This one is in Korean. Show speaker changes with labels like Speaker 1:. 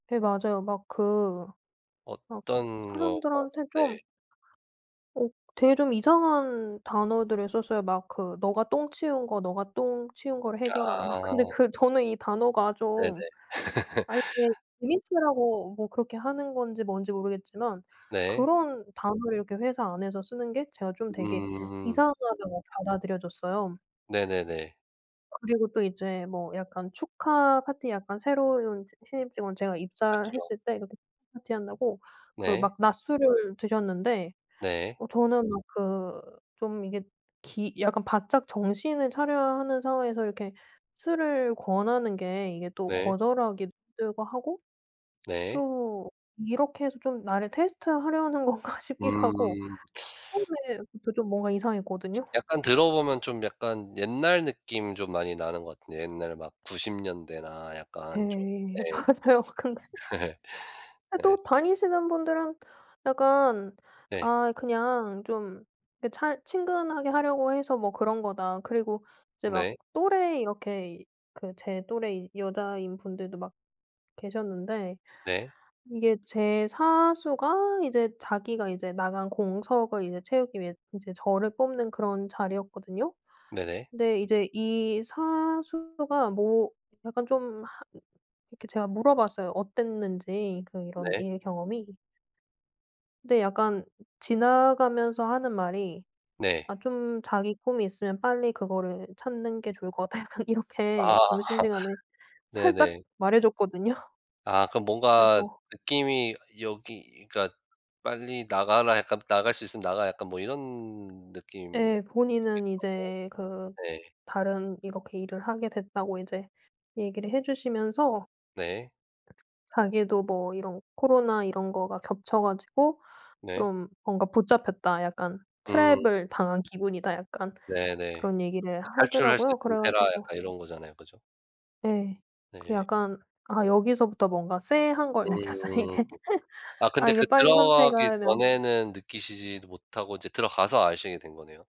Speaker 1: 네 맞아요. 막 그 막
Speaker 2: 어떤 거가
Speaker 1: 사람들한테 좀
Speaker 2: 네.
Speaker 1: 어 되게 좀 이상한 단어들을 썼어요. 막 그 "네가 똥 치운 거 네가 똥 치운 거를 해결하라." 막 근데
Speaker 2: 아.
Speaker 1: 그 저는 이 단어가
Speaker 2: 네네.
Speaker 1: 좀 아 이게 재밌으라고 뭐 그렇게 하는 건지 뭔지 모르겠지만
Speaker 2: 네.
Speaker 1: 그런 단어를 이렇게 회사 안에서 쓰는 게 제가 좀 되게
Speaker 2: 음.
Speaker 1: 이상하다고 받아들여졌어요.
Speaker 2: 네네네.
Speaker 1: 그리고 또 이제 뭐 약간 축하 파티 약간 새로운 지 신입 직원 제가
Speaker 2: 그쵸.
Speaker 1: 입사했을 때 그때 파티한다고 그
Speaker 2: 네.
Speaker 1: 막 낮술을 드셨는데
Speaker 2: 네.
Speaker 1: 어 저는 막 그 좀 이게 기 약간 바짝 정신을 차려야 하는 상황에서 이렇게 술을 권하는 게 이게 또
Speaker 2: 네.
Speaker 1: 거절하기도 힘들고 하고
Speaker 2: 네.
Speaker 1: 또 이렇게 해서 좀 나를 테스트하려는 건가 싶기도 하고
Speaker 2: 음.
Speaker 1: 처음에부터 좀 뭔가 이상했거든요.
Speaker 2: 예. 약간 들어보면 좀 약간 옛날 느낌 좀 많이 나는 것 같은데 옛날 막 90 년대나 약간 좀 네.
Speaker 1: 예 맞아요. 근데 근데
Speaker 2: 네.
Speaker 1: 또 다니시는 분들은 약간
Speaker 2: 네.
Speaker 1: 아 그냥 좀 그 잘 친근하게 하려고 해서 뭐 그런 거다. 그리고 이제 막
Speaker 2: 네.
Speaker 1: 또래 이렇게 이 그 제 또래 여자인 분들도 막 계셨는데
Speaker 2: 네.
Speaker 1: 이게 제 사수가 이제 자기가 이제 나간 공석을 이제 채우기 위해 인제 저를 뽑는 그런 자리였거든요.
Speaker 2: 네네.
Speaker 1: 근데 이제 이 사수가 뭐 약간 좀 하 이렇게 제가 물어봤어요, 어땠는지 그 이런
Speaker 2: 네.
Speaker 1: 일 경험이. 근데 약간 지나가면서 하는 말이
Speaker 2: 네.
Speaker 1: 아 좀 "자기 꿈이 있으면 빨리 그거를 찾는 게 좋을 것 같다." 약간 이렇게
Speaker 2: 아.
Speaker 1: 점심시간에 살짝
Speaker 2: 네네.
Speaker 1: 말해줬거든요.
Speaker 2: 아 그럼 뭔가
Speaker 1: 그래서
Speaker 2: 느낌이 여기 그러니까 '빨리 나가라. 약간 나갈 수 있으면 나가라.' 약간 뭐 이런 느낌이기도
Speaker 1: 예. 본인은
Speaker 2: 하고
Speaker 1: 이제 그
Speaker 2: 네.
Speaker 1: 다른 이렇게 일을 하게 됐다고 이제 얘기를 해 주시면서
Speaker 2: 네.
Speaker 1: 자기도 뭐 이런 "코로나 이런 거가 겹쳐 가지고
Speaker 2: 네.
Speaker 1: 좀 뭔가 붙잡혔다. 약간
Speaker 2: 음.
Speaker 1: 트랩을 당한 기분이다." 약간
Speaker 2: 네네.
Speaker 1: 그런 얘기를
Speaker 2: 그 '탈출할 수
Speaker 1: 하더라고요.
Speaker 2: 있으면
Speaker 1: 그래
Speaker 2: 해라.'
Speaker 1: 가지고
Speaker 2: 약간 이런 거잖아요. 그죠?
Speaker 1: 예. 그
Speaker 2: 네.
Speaker 1: 약간 아 여기서부터 뭔가 쎄한 걸 느꼈어요
Speaker 2: 음.
Speaker 1: 이게.
Speaker 2: 아
Speaker 1: 아
Speaker 2: 근데
Speaker 1: 이게
Speaker 2: 그
Speaker 1: 빨리 선택을
Speaker 2: 들어가기
Speaker 1: 하라며
Speaker 2: 전에는 느끼시지도 못하고 이제 들어가서 아시게 된 거네요.